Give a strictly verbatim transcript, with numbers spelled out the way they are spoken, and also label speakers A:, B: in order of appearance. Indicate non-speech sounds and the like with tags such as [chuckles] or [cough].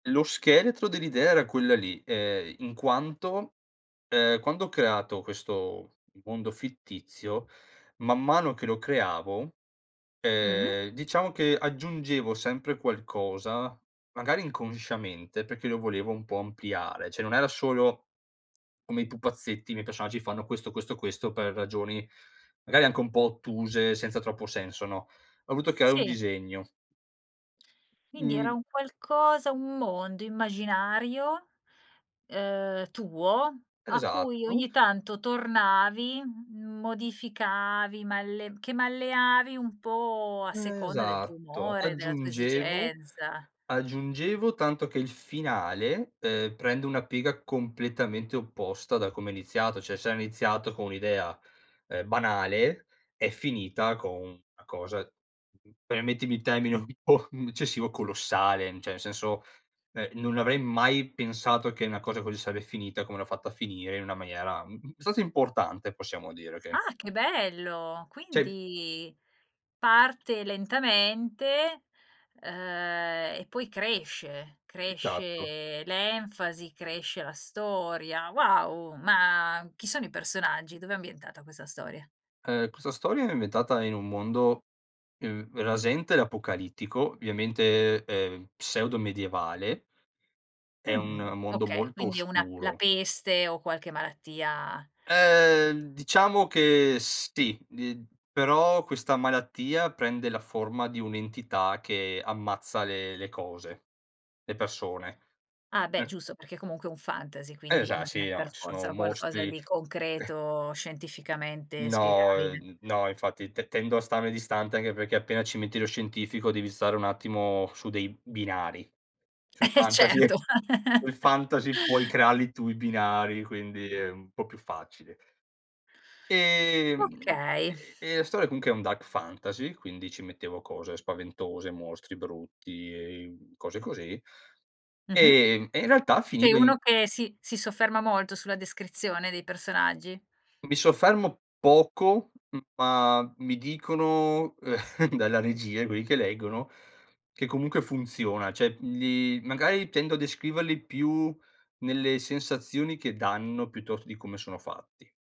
A: Lo scheletro dell'idea era quella lì, ehm, in quanto, ehm, quando ho creato questo mondo fittizio, man mano che lo creavo,
B: Mh.
A: ehm, diciamo che aggiungevo sempre qualcosa magari inconsciamente perché lo volevo un po' ampliare, ceh, non era solo come i pupazzetti, i miei personaggi fanno questo, questo, questo per ragioni magari anche un po' ottuse, senza troppo senso, no, ho voluto creare un
B: Sì.
A: disegno.
B: Quindi era
A: Mhmm
B: un qualcosa un mondo immaginario, ehm, tuo a cui
A: Esatto.
B: ogni tanto tornavi, m modificavi, malle che malleavi un po' a seconda del tuo
A: Esatto.
B: umore, della tua
A: Aggiungevo
B: esigenza.
A: aggiungevo tanto che il finale, ehm, prende una piega completamente opposta da come è iniziato, ceh, se era iniziato con un'idea, ehm, banale è finita con una cosa uhm, permettimi il termine un po' eccessivo, colossale, ceh, nel senso, ehm, non avrei mai pensato che una cosa così sarebbe finita come l'ho fatta a finire in una maniera, mh, mh, abbastanza importante possiamo dire, okay?
B: Ah, che bello!
A: Sì.
B: Quindi parte lentamente, ehm, e poi cresce,
A: Esatto.
B: cresce l'enfasi, cresce la storia. Wow, ma chi sono i personaggi? Dov'è ambientata questa storia?
A: Ehm, questa storia è ambientata in un mondo, uhm, rasente l'apocalittico, ovviamente, ehm, pseudo medievale, è un
B: Mh.
A: mondo
B: Okay,
A: molto
B: quindi una la
A: oscuro.
B: peste o qualche malattia
A: Uhm, diciamo che sì, d però questa malattia prende la forma di un'entità che ammazza le le cose, le persone.
B: Ah, beh
A: [unintelligible]
B: giusto perché comunque è un fantasy quindi
A: Esa
B: non è
A: sì, no,
B: per
A: ci sono
B: forza qualcosa
A: mostri
B: di
A: [chuckles]
B: concreto scientificamente
A: No,
B: spiegabile.
A: n no, infatti te tendo a starne distante anche perché appena ci metti lo scientifico devi stare un attimo su dei binari. Sul
B: Eh,
A: fantasy
B: certo.
A: [chuckles] il
B: [laughs]
A: fantasy puoi crearli tu i binari, quindi è un po' più facile. Ehm,
B: Okay.
A: e e la storia comunque è un dark fantasy, quindi ci mettevo cose spaventose, mostri brutti, ehm, cose così
B: Mh-mh.
A: ehm, e in realtà
B: Sei
A: finivo in
B: uno che si si sofferma molto sulla descrizione dei personaggi?
A: Mi soffermo poco, m ma mi dicono [chuckles] dalla regia quelli che leggono che comunque funziona. Cioè, mhmm, gli magari tendo a descriverli più nelle sensazioni che danno piuttosto di come sono fatti.